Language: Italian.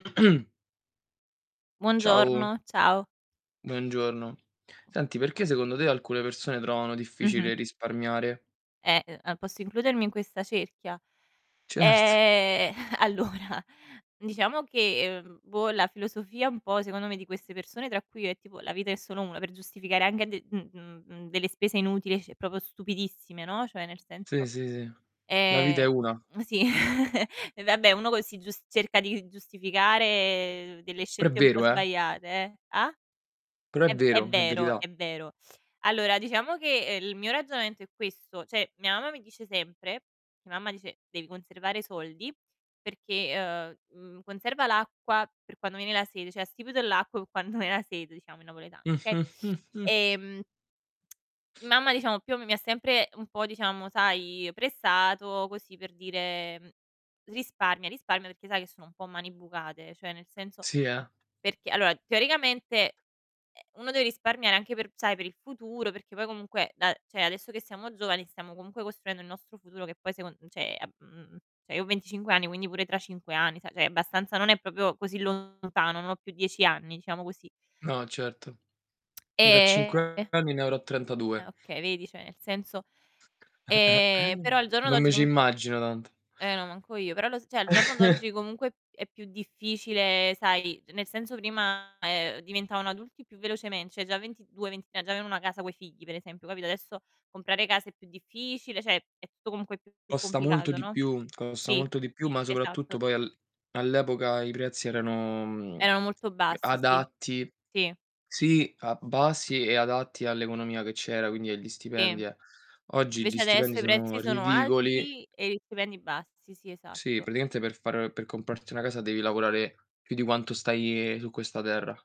Ciao. Buongiorno, ciao. Buongiorno. Senti, perché, secondo te, alcune persone trovano Mh-mh. difficile risparmiare? Eh, uhm, posso includermi in questa cerchia. Certo. Eh, allora diciamo che, ehm, boh la filosofia un po' secondo me, di queste persone tra cui io e tipo "la vita è solo 1" per giustificare anche d mhmm, mhmm, delle spese inutili c proprio stupidissime, no, cioè nel Sì, senso sì, sì, la vita è Eh, 1. sì e vabbè uno c si gius cerca di giustificare delle Però è scelte un po' vero, eh. sbagliate, eh, ah? Però è È ve è vero, è vero, verità. è vero. Allora diciamo che il mio ragionamento è questo, cioè mia mamma mi dice sempre mia mamma dice: "Devi conservare soldi perché, uhm, mhmm, conserva l'acqua per quando viene la sete" cioè "Astipite l'acqu pe quand ven a sete" diciamo in napoletano, okay. Ehm Mamma diciamo più o me mi ha sempre un po' diciamo sai, pressato così per dire risparmia, risparmia perché sa che sono un po' mani bucate, cioè, nel senso Sì, eh. perché allora teoricamente, eh, uno deve risparmiare anche per sai per il futuro, perché poi comunque da cioè, adesso che siamo giovani stiamo comunque costruendo il nostro futuro che poi secon cioè, ehm, cioè, mhmm, io ho 25 anni quindi pure tra 5 anni sai cioè, abbastanza non è proprio così lontano, non ho più 10 anni diciamo così. No certo. Io tra 5 E anni ne avrò 32. Ah, okay vedi, cioè nel senso Ehm, però al giorno Non d'oggi mi ci comunque immagino tanto. eh no, manco io, però lo s cioè al giorno d'oggi comunque è più difficile sai, nel senso prima, uhm, diventavano adulti più velocemen cioè già 22- 23 già avevano una casa coi figli per esempio capito, adesso comprare casa è più difficile, cioè è tutto comunque più Costa molto complicato, di no. più, costa Sì, molto di più, ma soprattutto esatto. poi al all'epoca i prezzi erano Erano molto bassi, sì. adatti Sì. sì, a basi e adatti all'economia che c'era quindi agli Sì. stipendi eh oggi gli Invece stipendi adesso i sono prezzi sono ridicoli. alti e gli stipendi bassi. Sì, Sì esatto. praticamente per far per comprarti una casa devi lavorare più di quanto stai su questa terra.